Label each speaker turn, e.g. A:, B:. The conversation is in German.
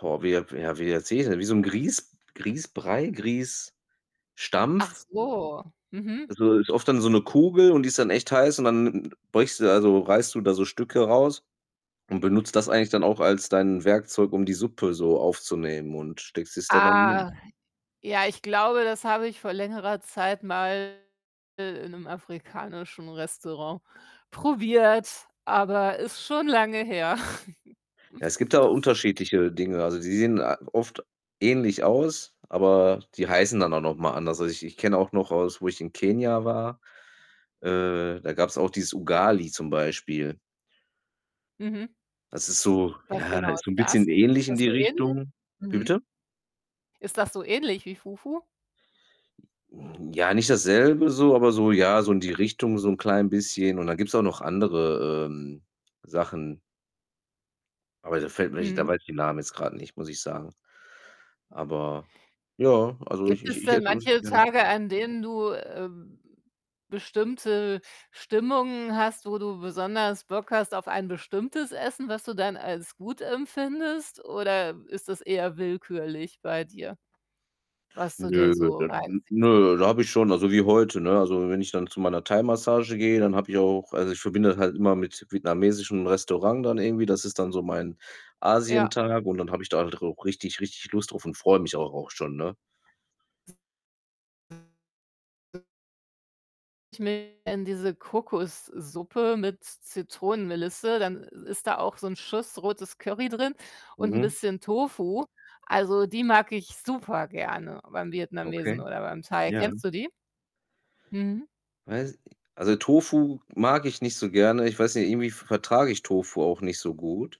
A: Boah, wie ja ja, wie erzähl ich es denn? Wie so 'n Grieß Grießbrei, Grießstampf.
B: Ach so, mhm.
A: Also, ist oft dann so 'ne Kugel und die ist dann echt heiß und dann beugst du da so reißt du da so Stücke raus und benutzt das eigentlich dann auch als dein Werkzeug, um die Suppe so aufzunehmen und steckst es da dann in den Mund.
B: Ah, ja, ich glaube, das habe ich vor längerer Zeit mal i in 'nem afrikanischen Restaurant probiert, aber ist schon lange her.
A: Ja, es gibt da unterschiedliche Dinge. Also, die sehen a oft ähnlich aus, aber die heißen dann auch noch mal anders. Also, ich ich kenne auch noch aus wo ich in Kenia war, äh, da gab's auch dieses „Ugali“ zum Beispiel.
B: Mhm.
A: Das ist so
B: Was
A: ja,
B: genau
A: halt so
B: ist
A: 'n
B: das?
A: bisschen ähnlich
B: Ist
A: in
B: das
A: die
B: so ähnlich?
A: Richtung. Wie
B: Mhm.
A: bitte?
B: Ist das so ähnlich wie Fufu?
A: Hm, ja, nicht dasselbe so, aber so ja, so in die Richtung so 'n klein bisschen und dann gibt's auch noch andere, ähm, Sachen. Aber da fällt mir nicht da
B: Mhm.
A: weiß ich den Namen jetzt grad nicht, muss ich sagen. Aber ja, also, ich
B: Gibt
A: ich
B: es
A: ich
B: denn
A: esse [unintelligible]
B: manche
A: gerne.
B: Tage, an denen du, ähm, bestimmte Stimmungen hast, wo du besonders Bock hast auf ein bestimmtes Essen, was du dann als gut empfindest? Oder ist das eher willkürlich bei dir, was du dir
A: Nö,
B: so
A: [unintelligible] n
B: reinziehst?
A: nö, da habe ich schon also, wie heute, ne? Also, wenn ich dann zu meiner Thaimassage gehe, dann habe ich auch also, ich verbinde das halt immer mit vietnamesischem Restaurant dann irgendwie. Das ist dann so mein
B: Ja.
A: Asientag und dann habe ich da halt auch richtig, richtig Lust drauf und freue mich auch auch schon, ne?
B: [unintelligible] diese Kokossuppe mit Zitronenmelisse, dann i ist da auch so 'n Schuss rotes Curry drin und 'n
A: Mhm.
B: bisschen Tofu. Also, die mag ich super gerne beim
A: Okay,
B: Vietnamesen oder beim Thai.
A: ja.
B: Kennst du die? Mhm.
A: Weiß also, Tofu mag ich nicht so gerne. Ich weiß nicht, irgendwie v vertrage ich Tofu auch nicht so gut.